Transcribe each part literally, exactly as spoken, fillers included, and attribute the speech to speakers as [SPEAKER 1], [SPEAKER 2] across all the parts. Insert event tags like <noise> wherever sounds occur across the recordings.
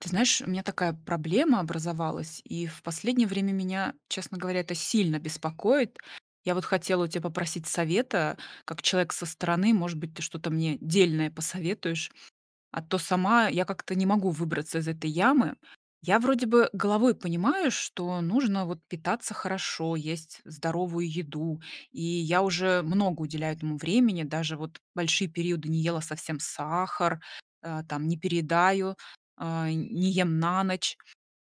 [SPEAKER 1] Ты знаешь, у меня такая проблема образовалась, и в последнее время меня, честно говоря, это сильно беспокоит. Я вот хотела у тебя попросить совета, как человек со стороны, может быть, ты что-то мне дельное посоветуешь? А то сама я как-то не могу выбраться из этой ямы. Я, вроде бы, головой понимаю, что нужно вот питаться хорошо, есть здоровую еду. И я уже много уделяю этому времени, даже вот большие периоды не ела совсем сахар, а, там, не передаю, а, не ем на ночь.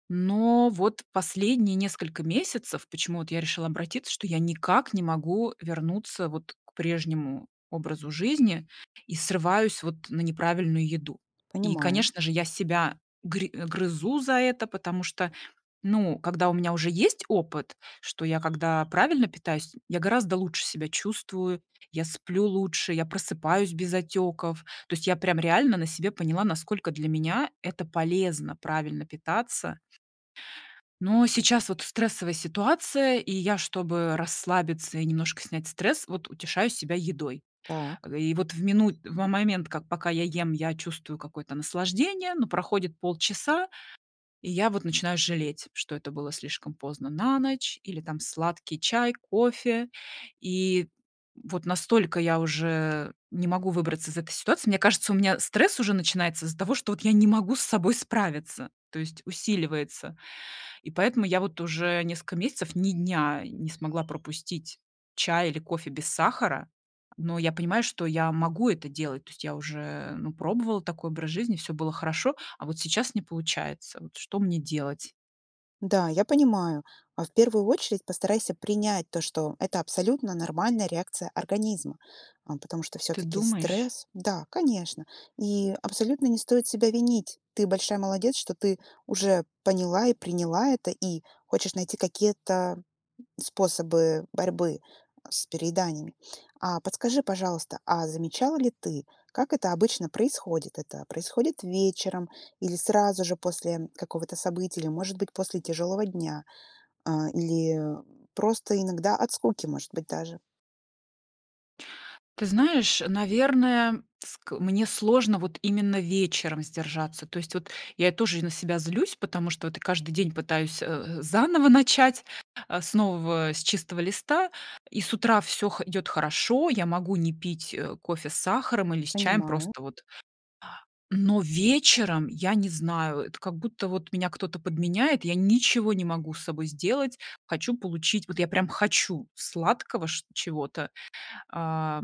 [SPEAKER 1] Но вот последние несколько месяцев, почему вот я решила обратиться, что я никак не могу вернуться вот к прежнему образу жизни и срываюсь вот на неправильную еду. И
[SPEAKER 2] Понимаю.
[SPEAKER 1] конечно же я себя гри грызу за это, потому что, ну, когда у меня уже есть опыт, что я когда правильно питаюсь, м, я гораздо лучше себя чувствую, я сплю лучше, я просыпаюсь без отеков. То есть я прям реально на себе поняла, насколько для меня это полезно правильно питаться. Но сейчас вот стрессовая ситуация, и я, чтобы расслабиться и немножко снять стресс, вот утешаю себя едой. А,
[SPEAKER 2] Так.
[SPEAKER 1] г и вот в минут в момент, как пока я ем, я чувствую какое-то наслаждение. Но проходит полчаса, и я вот начинаю жалеть, что это было слишком поздно на ночь или, там, сладкий чай, кофе. И, м, вот настолько я уже не могу выбраться из этой ситуации. Мне кажется, у меня стресс уже начинается из-за того, что вот я не могу с собой справиться, то есть усиливается. И поэтому я вот уже несколько месяцев, ни дня не смогла пропустить чай или кофе без сахара, но я понимаю, что я могу это делать. То есть я уже, ну, пробовала такой образ жизни, всё было хорошо, а вот сейчас не получается, вот что мне делать?
[SPEAKER 2] Да, я понимаю. А, в первую очередь, постарайся принять то, что это абсолютно нормальная реакция организма, а, потому что
[SPEAKER 1] Та
[SPEAKER 2] всё-таки
[SPEAKER 1] думаешь?
[SPEAKER 2] стресс. Да, конечно. И абсолютно не стоит себя винить. Ты большая молодец, что ты уже поняла и приняла это и хочешь найти какие-то способы борьбы с перееданиями. А, подскажи, пожалуйста, а, замечала ли ты, как это обычно происходит? Это происходит вечером или сразу же после какого-то события, или, может быть, после тяжелого дня? А, или просто иногда от скуки, может быть, даже.
[SPEAKER 1] Ты знаешь, наверное, ск мне сложно вот именно вечером сдержаться. То есть, вот, я и тоже на себя злюсь, потому что, вот, каждый день пытаюсь, э э, заново начать, а, с нового, с чистого листа, и с утра всё хо идёт хорошо, я могу не пить, э, кофе с сахаром или с чаем,
[SPEAKER 2] Понимаю.
[SPEAKER 1] просто вот но вечером я не знаю, это как будто, вот, меня кто-то подменяет, я ничего не могу с собой сделать, хочу получить, вот, я прям хочу сладкого чт чего-то, а,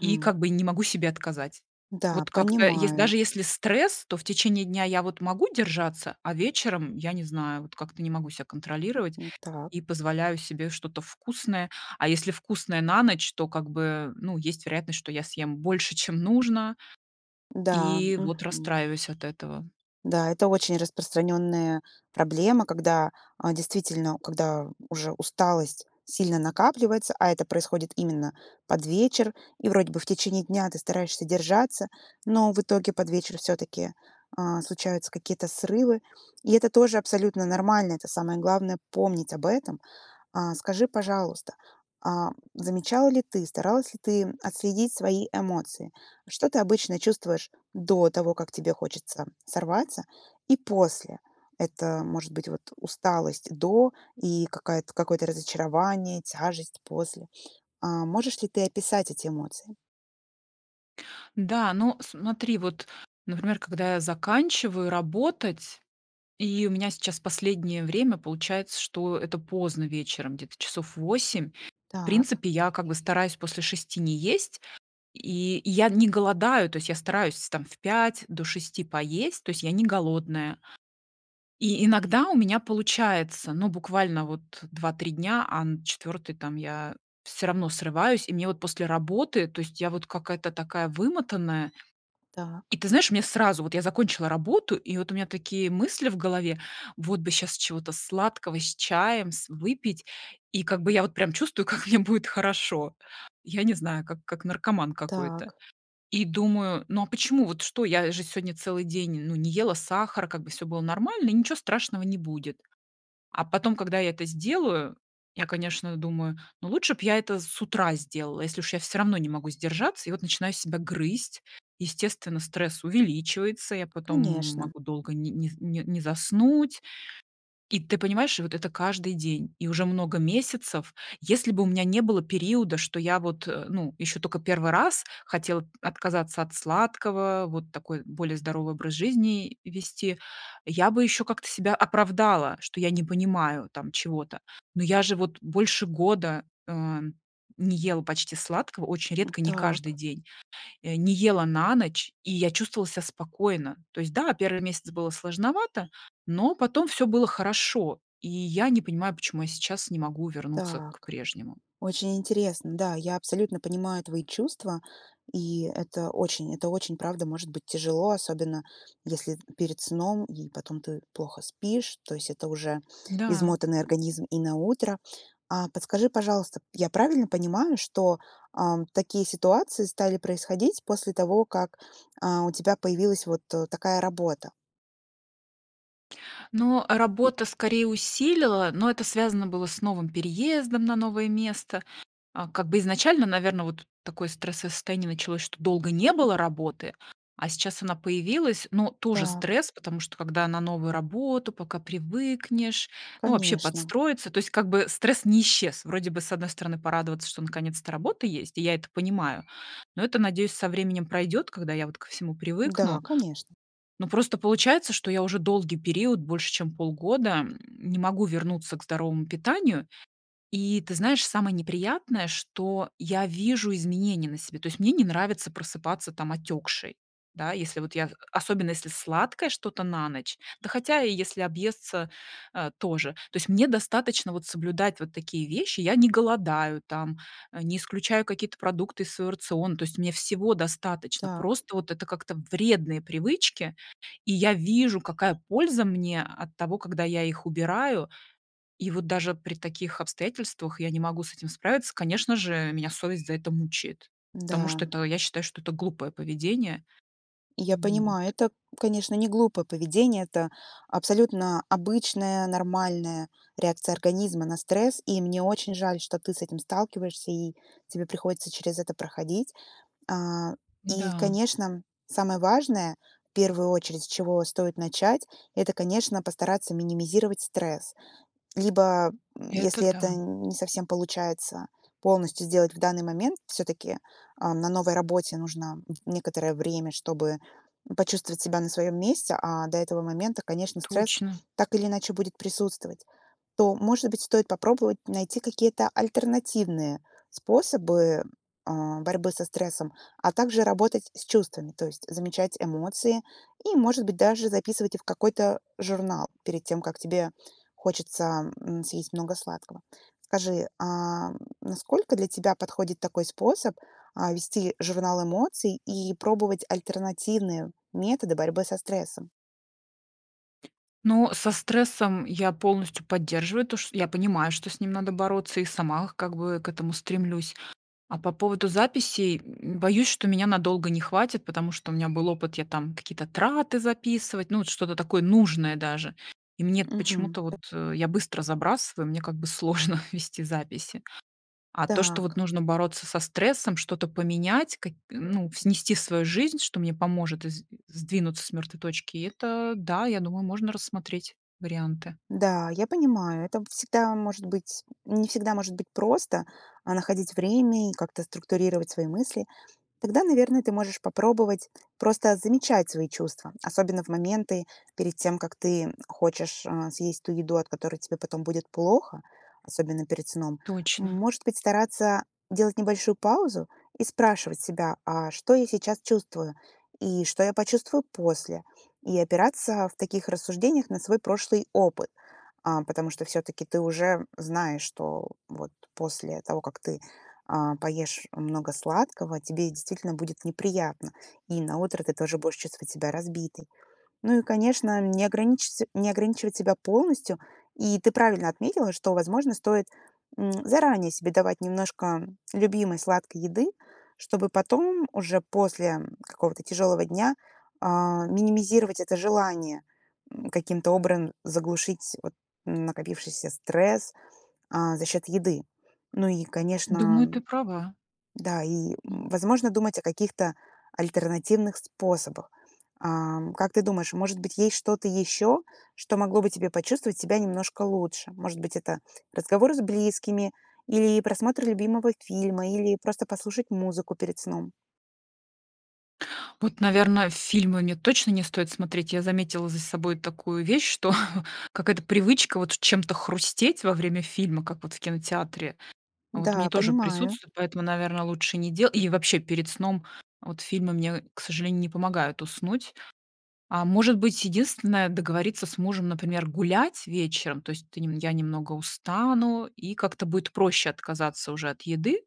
[SPEAKER 1] и, как бы, и не могу себе отказать.
[SPEAKER 2] Да,
[SPEAKER 1] Вот как-то ес даже
[SPEAKER 2] понимаю.
[SPEAKER 1] если стресс, то в течение дня я, вот, могу держаться, а вечером я не знаю, вот, как-то не могу себя контролировать
[SPEAKER 2] М, так.
[SPEAKER 1] и позволяю себе что-то вкусное. А если вкусное на ночь, то, как бы, ну, есть вероятность, что я съем больше, чем нужно,
[SPEAKER 2] Да,
[SPEAKER 1] и, вот,
[SPEAKER 2] мгм.
[SPEAKER 1] расстраиваюсь от этого.
[SPEAKER 2] Да, это очень распространенная проблема, когда, а, действительно, когда уже усталость сильно накапливается, а это происходит именно под вечер, и вроде бы в течение дня ты стараешься держаться, но в итоге под вечер всё-таки, а, случаются какие-то срывы. И это тоже абсолютно нормально. Это самое главное помнить об этом. А, скажи, пожалуйста, а замечала ли ты, старалась ли ты отследить свои эмоции? Что ты обычно чувствуешь до того, как тебе хочется сорваться и после? Это может быть, вот, усталость до и какая-то, какое-то разочарование, тяжесть после? А, можешь ли ты описать эти эмоции?
[SPEAKER 1] Да, ну смотри, вот, например, когда я заканчиваю работать, и у меня сейчас последнее время получается, что это поздно вечером, где-то часов в восемь. В
[SPEAKER 2] Так.
[SPEAKER 1] принципе я как бы стараюсь после шести не есть. И я не голодаю. То есть я стараюсь там в пять до шести поесть. То есть я не голодная. И иногда у меня получается. Но буквально вот два три дня, а на четвертый, там я всё равно срываюсь. И мне вот после работы, то есть я вот какая-то такая вымотанная. И
[SPEAKER 2] Так.
[SPEAKER 1] ты знаешь, у меня сразу вот, я закончила работу и вот у меня такие мысли в голове: вот бы сейчас чего-то сладкого с чаем с выпить. И как бы я вот прям чувствую, как мне будет хорошо. Я не знаю, как как наркоман какой-то.
[SPEAKER 2] Так.
[SPEAKER 1] И думаю: "Ну, а почему, вот что, я же сегодня целый день, ну, не ела сахар, как бы всё было нормально и ничего страшного не будет". А потом, когда я это сделаю, я, конечно, думаю: "Ну, лучше б я это с утра сделала, если уж я всё равно не могу сдержаться". И вот начинаю себя грызть, естественно, стресс увеличивается, я потом
[SPEAKER 2] Конечно.
[SPEAKER 1] могу долго нь не не заснуть. И ты понимаешь, и вот это каждый день, и уже много месяцев. Если бы у меня не было периода, что я вот, э, ну, еще токо первый раз хотела отказаться от сладкого, вот такой более здоровый образ жизни вести, я бы еще как-то себя оправдала, что я не понимаю, там, чего-то. Но я же вот больше года, ам, не ела почти сладкого, очень
[SPEAKER 2] М,
[SPEAKER 1] редко, не каждый
[SPEAKER 2] так.
[SPEAKER 1] день. Не ела на ночь, и я чувствовала себя спокойно. То есть, да, первый месяц было сложновато, но потом всё было хорошо, и я не понимаю, почему я сейчас не могу вернуться к
[SPEAKER 2] Так.
[SPEAKER 1] прежнему.
[SPEAKER 2] Очень интересно. Да, я абсолютно понимаю твои чувства, и это очень, это очень, правда, может быть тяжело, особенно, если это перед сном и потом ты плохо спишь, то есть это уже
[SPEAKER 1] Да.
[SPEAKER 2] измотанный организм и на утро. А подскажи, пожалуйста, я правильно понимаю, что, ам, такие ситуации стали происходить после того, как, а, у тебя появилась вот такая работа?
[SPEAKER 1] Ну, а, работа скорее усилила, но это связано было с новым переездом на новое место. А, как бы изначально, наверно, вот такое стрессовое состояние началось, что долго не было работы, а сейчас она появилась, но тоже
[SPEAKER 2] Так.
[SPEAKER 1] стресс, потому что когда на новую работу, пока привыкнешь, ну вообще
[SPEAKER 2] Конечно.
[SPEAKER 1] подстроиться. То есть, как бы стресс не исчез. Вроде бы, с одной стороны, порадоваться, что, наконец-то, работа есть, и я это понимаю, но это, надеюсь, со временем пройдет, когда я вот ко всему
[SPEAKER 2] Да,
[SPEAKER 1] привыкну.
[SPEAKER 2] конечно.
[SPEAKER 1] Ну, просто получается, что я уже долгий период, больше чем полгода, м, не могу вернуться к здоровому питанию. И ты знаешь, самое неприятное, что я вижу изменения на себе. То есть, мне не нравится просыпаться, там, отекшей. Да, если вот я особенно если сладкое что-то на ночь, да, хотя и если объесться, а, тоже. То есть, мне достаточно вот соблюдать вот такие вещи. Я не голодаю, там, а, не исключаю какие-то продукты из своего рациона. То есть, мне всего достаточно.
[SPEAKER 2] Так.
[SPEAKER 1] Просто вот это как-то- вредные привычки. И я вижу, какая польза мне от того, когда я их убираю. И вот даже при таких обстоятельствах я не могу с этим справиться. Конечно же, меня совесть за это мучает. Потому
[SPEAKER 2] Да.
[SPEAKER 1] что это я считаю, что это глупое поведение.
[SPEAKER 2] Я
[SPEAKER 1] М,
[SPEAKER 2] понимаю,
[SPEAKER 1] вот.
[SPEAKER 2] это, конечно, не глупое поведение. Это абсолютно обычная нормальная реакция организма на стресс, и мне очень жаль, что ты с этим сталкиваешься и тебе приходится через это проходить. А, и,
[SPEAKER 1] Да.
[SPEAKER 2] конечно, самое важное, в первую очередь, с чего стоит начать- это, конечно, постараться минимизировать стресс. Либо, м,
[SPEAKER 1] Это
[SPEAKER 2] если это
[SPEAKER 1] да.
[SPEAKER 2] не совсем получается, полностью сделать в данный момент, всё-таки, а, на новой работе нужно н некоторое время, чтобы, м, почувствовать себя на своем месте. А до этого момента, конечно, стресс
[SPEAKER 1] Точно.
[SPEAKER 2] так или иначе будет присутствовать. То, может быть, стоит попробовать найти какие-то альтернативные способы, а, борьбы со стрессом, а также работать с чувствами, то есть замечать эмоции и, может быть, даже записывать их в какой-то журнал перед тем, как тебе хочется, м, съесть много сладкого. Скажи, ам, насколько для тебя подходит такой способ, а, вести журнал эмоций и пробовать альтернативные методы борьбы со стрессом?
[SPEAKER 1] Ну, со стрессом я полностью поддерживаю, то ш я понимаю, что с ним надо бороться и сама, как бы, к этому стремлюсь. А по поводу записей, м, боюсь, что меня надолго не хватит, потому что у меня был опыт, я там какие-то траты записывать, ну, вот, что-то такое нужное даже. И мне эт
[SPEAKER 2] Мгм.
[SPEAKER 1] почему-то вот, э, я быстро забрасываю, мне, как бы, <chuckles> сложно вести записи. А то, что, вот,
[SPEAKER 2] Так.
[SPEAKER 1] нужно бороться со стрессом, что-то поменять, какь ну, снести свою жизнь, что мне поможет из сдвинуться с мертвой точки, это да, я думаю, можно рассмотреть варианты.
[SPEAKER 2] Да, я понимаю, это б всегда может быть, м, не всегда может быть просто, а, находить время и как-то структурировать свои мысли. Тогда, наверное, ты можешь попробовать просто замечать свои чувства, особенно в моменты, перед тем, как ты, м, хочешь, а, съесть ту еду, от которой тебе потом будет плохо, особенно перед сном.
[SPEAKER 1] Точно.
[SPEAKER 2] Может быть, стараться делать небольшую паузу и спрашивать себя: "А что я сейчас чувствую? И что я почувствую после?". И опираться в таких рассуждениях на свой прошлый опыт. А, потому что все-таки ты уже знаешь, что вот после того, как ты, а, поешь много сладкого, тебе действительно будет неприятно. И на утро ты тоже будешь чувствовать себя разбитой. Ну и, конечно, не ограничится не ограничивать себя полностью. И ты правильно отметила, что, возможно, стоит, м, заранее себе давать немножко, м, любимой сладкой еды, чтобы потом уже после, м, какого-то тяжелого дня, а, минимизировать это желание, м, каким-то обран заглушить, вот, н накопившийся стресс, а, за счет еды. Ну и,
[SPEAKER 1] Думаю,
[SPEAKER 2] конечно
[SPEAKER 1] ты права.
[SPEAKER 2] Да, и, возможно, думать о каких-то альтернативных способах. Ам, как ты думаешь, может быть есть что-то еще, что могло бы тебе почувствовать себя немножко лучше? Может быть, это разговор с близкими или просмотр любимого фильма, или просто послушать музыку перед сном.
[SPEAKER 1] Вот, наверное, фильмы мне точно не стоит смотреть. Я заметила за собой такую вещь, что какая-то привычка вот чем-то хрустеть во время фильма, как вот в кинотеатре, вот мне
[SPEAKER 2] Да,
[SPEAKER 1] тоже
[SPEAKER 2] понимаю.
[SPEAKER 1] присутствуют, поэтому, наверно, лучше не дела и вообще перед сном вот фильмы мне, к сожалению, не помогают уснуть. А, может быть единственное, договориться с мужем, например, гулять вечером, то есть ты я немного устану, и как-то будет проще отказаться уже от еды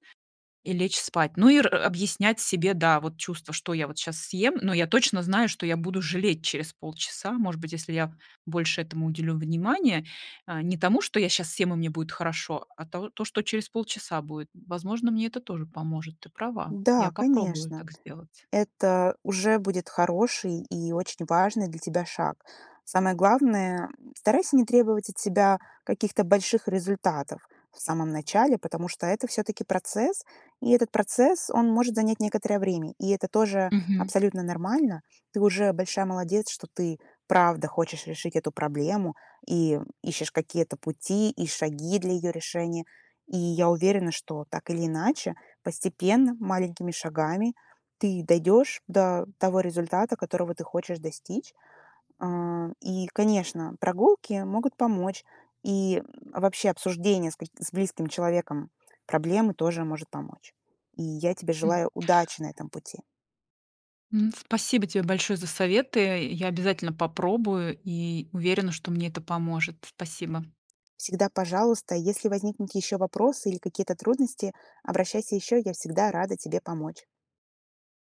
[SPEAKER 1] и лечь спать. Ну, и р объяснять себе, да, вот чувство, что я вот сейчас съем. Но я точно знаю, что я буду жалеть через полчаса, может быть, если я больше этому уделю внимания, а, не тому, что я щас съем и мне будет хорошо, а то то что через полчаса будет. Возможно, мне это тоже поможет, ты права, я
[SPEAKER 2] Да,
[SPEAKER 1] попробую
[SPEAKER 2] конечно,
[SPEAKER 1] так сделать.
[SPEAKER 2] это уже будет хороший и очень важный для тебя шаг. Самое главное старайся не требовать от себя каких-то больших результатов в самом начале, потому что это все-таки процесс. И этот процесс, он может занять некоторое время. И это тоже
[SPEAKER 1] Мгм.
[SPEAKER 2] абсолютно нормально. Ты уже большая молодец, что ты, правда, хочешь решить эту проблему и ищешь какие-то пути, и шаги для ее решения. И я уверена, что так или иначе, постепенно, маленькими шагами ты дойдешь до того результата, которого ты хочешь достичь. А. И, конечно, прогулки могут помочь. И, а, вообще обсуждение с ка с близким человеком проблемы тоже может помочь. И я тебе
[SPEAKER 1] М.
[SPEAKER 2] желаю удачи на этом пути.
[SPEAKER 1] М. Спасибо тебе большое за советы. Я обязательно попробую и уверена, что мне это поможет. Спасибо.
[SPEAKER 2] Всегда, пожалуйста, если возникнут еще вопросы или какие-то трудности, обращайся еще, я всегда рада тебе помочь.